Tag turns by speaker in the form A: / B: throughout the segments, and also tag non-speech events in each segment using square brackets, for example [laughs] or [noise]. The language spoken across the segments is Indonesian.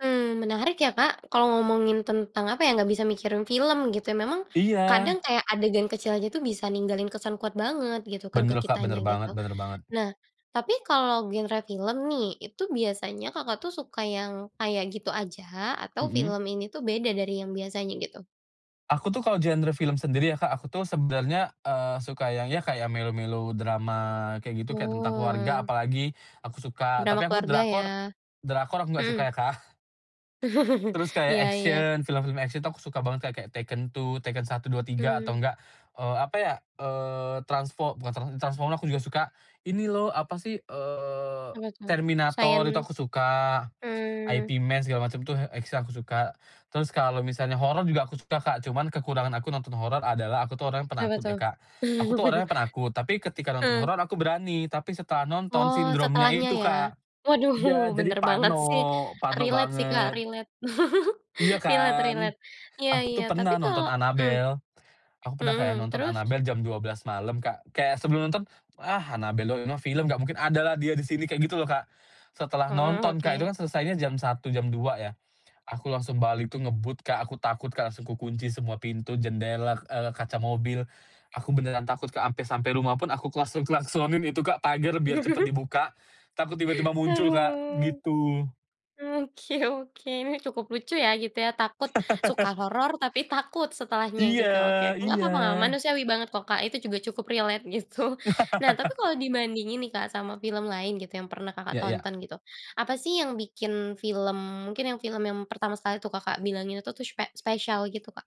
A: Mmm, menarik ya Kak kalau ngomongin tentang apa ya, nggak bisa mikirin film gitu ya memang
B: Iya.
A: kadang kayak adegan kecil aja tuh bisa ninggalin kesan kuat banget gitu kan ke
B: Bener, Kak,
A: kitanya
B: bener
A: gitu.
B: banget bener banget.
A: Nah tapi kalau genre film nih itu biasanya Kakak tuh suka yang kayak gitu aja atau
B: Mhm.
A: film ini tuh beda dari yang biasanya gitu?
B: Aku tuh kalo genre film sendiri ya, Kak, aku tuh sebenernya, eee, suka yang ya, kayak melo melodrama kayak gitu, kayak tentang keluarga
A: Oh.
B: apalagi, aku suka,
A: Drama
B: tapi aku
A: keluarga, ya.
B: drakor drakor aku gak suka
A: Mhm.
B: ya, Kak.
A: [chuckles]
B: Terus kayak,
A: Iya iya.
B: action, film-film action tuh aku suka banget kayak Tekken 2, Tekken 1, 2, 3 atau
A: Hmm.
B: enggak, eee, apa ya, eee, transfo bukan transfo Transformers aku juga suka. Ini loh, apa sih, eee,
A: Apa tuh? Sains
B: Terminator itu aku suka.
A: Mmm.
B: Ip Man, segala macem tuh, X-men aku suka. Terus kalo misalnya horor juga aku suka, Kak, cuman kekurangan aku nonton horor adalah aku tuh orangnya
A: Kenapa,
B: penakut ya,
A: tuh?
B: Kak. Aku tuh orangnya penakut, tapi
A: [chuckles]
B: ketika nonton
A: Heeh.
B: horor aku berani, tapi setelah nonton
A: Oh,
B: sindromnya
A: setelahnya,
B: itu
A: ya?
B: Kak,
A: Waduh,
B: iya, jadi
A: bener banget
B: parno,
A: sih,
B: parno
A: relate sih, Kak,
B: banget.
A: relate. [chuckles]
B: Iya,
A: Relate
B: kan.
A: relate, iya
B: Aku tuh
A: iya, tapi
B: pernah
A: kalau
B: nonton
A: mmm,
B: Annabelle. Aku pernah kayak
A: mhm,
B: nonton
A: terus?
B: Annabelle jam 12:00 malam, Kak, kayak sebelum nonton, "Ah, Annabelle doang, ini mah film nggak mungkin ada lah dia di sini", kayak gitu loh, Kak. Setelah
A: Heeh,
B: nonton, Kak, itu
A: oke.
B: kan selesainya jam 01:00, jam 02:00, ya. Aku langsung balik tuh ngebut, Kak, aku takut, Kak, langsung ku kunci semua pintu, jendela, eee, kaca mobil, aku beneran takut, Kak, ampe sampai rumah pun aku klakson-klasonin itu, Kak, pagar biar cepet
A: [chuckles]
B: dibuka, takut tiba tiba muncul, Kak,
A: Haduh.
B: gitu.
A: Oke oke. Nih, cukup lucu ya gitu ya, takut, suka
B: [laughs]
A: horor, tapi takut setelahnya gitu, oke.
B: Iya
A: Nggak
B: iya
A: papa nga manusiawi banget kok, Kak, itu juga cukup relate, gitu. Nah, tapi
B: [laughs]
A: kalau dibandingin nih, Kak, sama film lain gitu yang pernah Kakak
B: Ya ya.
A: tonton gitu, apa sih yang bikin film mungkin yang film yang pertama sekali tuh Kakak bilang itu tuh spe spesial, gitu, Kak?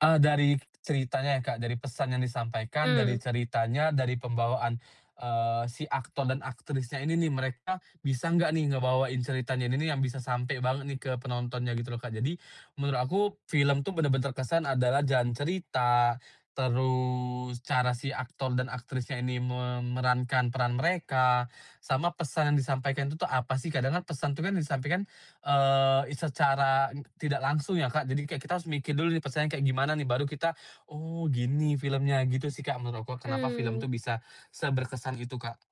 B: Ah, dari ceritanya ya, Kak, dari pesan yang di sampaikan, dari
A: Mmm.
B: ceritanya, dari pembawaan, eee, si aktor dan aktrisnya ini nih, mereka bisa nggak nih ngebawain ceritanya ini nih yang bisa sampe banget nih ke penontonnya, gitu loh, Kak. Jadi menurut aku, film tuh bener-bener kesan adalah jalan cerita, terus cara si aktor dan aktrisnya ini memerankan peran mereka, sama pesan yang disampaikan itu tuh apa sih, kadang kan pesan tuh kan yang disampaikan, eee, i secara, eee, tidak langsung, ya, Kak, jadi kayak kita harus mikir dulu, nih pesan kayak gimana nih, baru kita, "Oh, gini filmnya", gitu sih, Kak, menurutku kenapa film
A: Mmm.
B: tuh bisa seberkesan itu, Kak.